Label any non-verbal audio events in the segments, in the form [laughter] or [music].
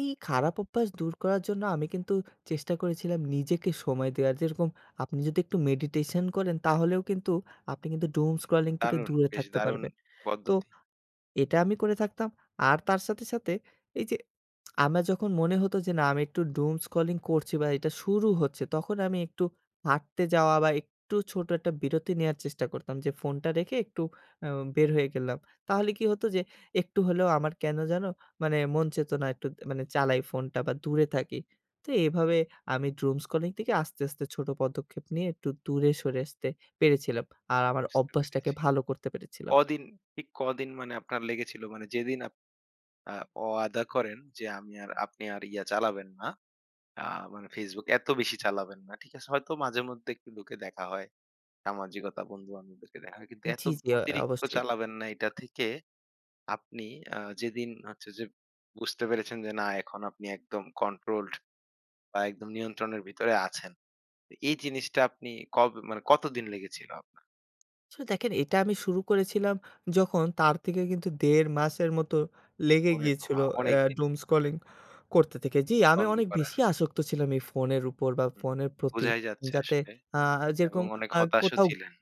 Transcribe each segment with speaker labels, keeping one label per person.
Speaker 1: এই খারাপ অভ্যাস দূর করার জন্য আমি কিন্তু চেষ্টা করেছিলাম নিজেকে সময় দেওয়া যেরকম আপনি যদি একটু মেডিটেশন করেন তাহলেও কিন্তু আপনি কিন্তু doom scrolling থেকে
Speaker 2: দারুণ!
Speaker 1: দূরে
Speaker 2: বেশ
Speaker 1: থাকতে
Speaker 2: দারুণ
Speaker 1: পারবেন। তো
Speaker 2: পদ্ধতি।
Speaker 1: এটা আমি করে থাকতাম। আর তার সাথে, সাথে এইযে [smacks lips] আমার যখন মনে হতো যে না আমি একটু doom scrolling করছি বা এটা শুরু হচ্ছে তখন আমি একটু হাঁটতে যাওয়া বা একটু ছোট একটা বিরতি নেওয়ার চেষ্টা করতাম। যে ফোনটা রেখে একটু উম বের হয়ে গেলাম। তাহলে কি হতো যে একটু হলেও আমার কেনো যেন মানে মন চেত না একটু মানে চালাই ফোনটা বা দূরে থাকি। তো এভাবে আমি doom scrolling থেকে আস্তে, আস্তে ছোট পদক্ষেপ নিয়ে একটু দূরে সরে আসতে পেরেছিলাম। আর আমার
Speaker 2: বুঝতে
Speaker 1: অভ্যাসটাকে
Speaker 2: পেরেছি।
Speaker 1: ভালো করতে পেরেছিলাম।
Speaker 2: কদিন ঠিক কদিন মানে আপনার লেগেছিল মানে যেদিন আপ আ ওয়াদা করেন যে আমি আর আপনি আর ইয়া চালাবেন না। আ মানে Facebook এত বেশি চালাবেন না। ঠিক আছে হয়তো মাঝে মধ্যে একটু ঢুকে দেখা হয়। সামাজিকতা বন্ধু-বান্ধবদেরকে দেখা হয়। কিন্তু এত
Speaker 1: জি, জি অ
Speaker 2: অতিরিক্ত
Speaker 1: অবশ্যই।
Speaker 2: চালাবেন না এটা থেকে আপনি আ যেদিন হচ্ছে যে বুঝতে পেরেছেন যে না এখন আপনি একদম কন্ট্রোলড বা একদম নিয়ন্ত্রণের ভেতরে আছেন। এই জিনিসটা আপনি কবে মানে কতদিন লেগেছিল আপনার?
Speaker 1: আচ্ছা, দেখেন এটা আমি শুরু করেছিলাম যখন তার থেকে কিন্তু ১.৫ মাসের মতো লেগে
Speaker 2: ওরে
Speaker 1: গিয়েছিল
Speaker 2: বাবা!
Speaker 1: আ
Speaker 2: অনেক দিন
Speaker 1: doom
Speaker 2: কিন্তু।
Speaker 1: scrolling [yawns] করতে থেকে জি আমি
Speaker 2: বন্ধ
Speaker 1: অনেক
Speaker 2: করা।
Speaker 1: বেশি আসক্ত ছিলাম এই ফোনের উপর বা
Speaker 2: হুম,
Speaker 1: ফোনের প্রতি
Speaker 2: বুঝাই যাচ্ছে
Speaker 1: যাতে
Speaker 2: আসলে
Speaker 1: আ যেরকম
Speaker 2: এবং অনেক
Speaker 1: আ
Speaker 2: হতাশও
Speaker 1: কোথাও
Speaker 2: ছিলেন।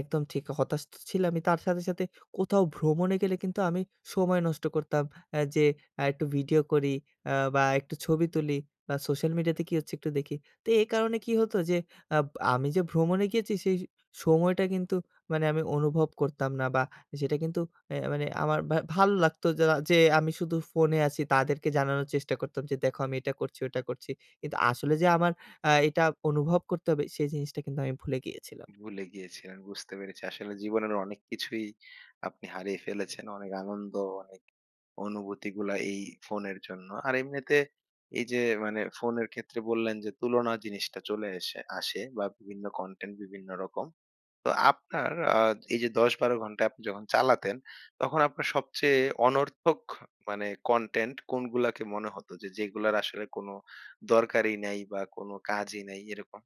Speaker 1: একদম ঠিক হতাশ তো ছিলাম তার সাথে, সাথে কোথাও ভ্রমণে গেলে কিন্তু আমি সময় নষ্ট করতাম আ যে একটু ভিডিও করি আ বা একটু ছবি তুলি বা সোশ্যাল মিডিয়াতে কি হচ্ছে একটু দেখি। তো এই কারণে কি হতো যে আব আমি যে ভ্রমণে গিয়েছি সেই সময়টা কিন্তু মানে আমি অনুভব করতাম না বা সেটা কিন্তু এ মানে আমার বা ভালো লাগতো যা যে আমি শুধু ফোনে আছি তাদেরকে জানানোর চেষ্টা করতাম যে দেখো আমি এটা করছি, ওটা করছি। কিন্তু আসলে যে আমার আ এটা অনুভব করতে হবে সেই জিনিসটা কিন্তু আমি ভুলে গিয়েছিলাম।
Speaker 2: ভুলে গিয়েছিলেন। বুঝতে পেরেছি। আসলে জীবনের অনেক কিছুই আপনি হারিয়ে ফেলেছেন। অনেক আনন্দ অনেক অনুভূতিগুলা এই ফোনের জন্য। আর এমনিতে এই যে মানে ফোনের ক্ষেত্রে বললেন যে তুলনা জিনিসটা চলে এসে আসে বা বিভিন্ন কনটেন্ট বিভিন্ন রকম। তো আপনার আ এই যে ১০-১২ ঘন্টা আপনি যখন চালাতেন তখন আপনার সবচেয়ে অনর্থক মানে কনটেন্ট কোনগুলাকে মনে হত যে যেগুলার আসলে কোনো দরকারই নাই বা কোনো কাজই নাই এরকম?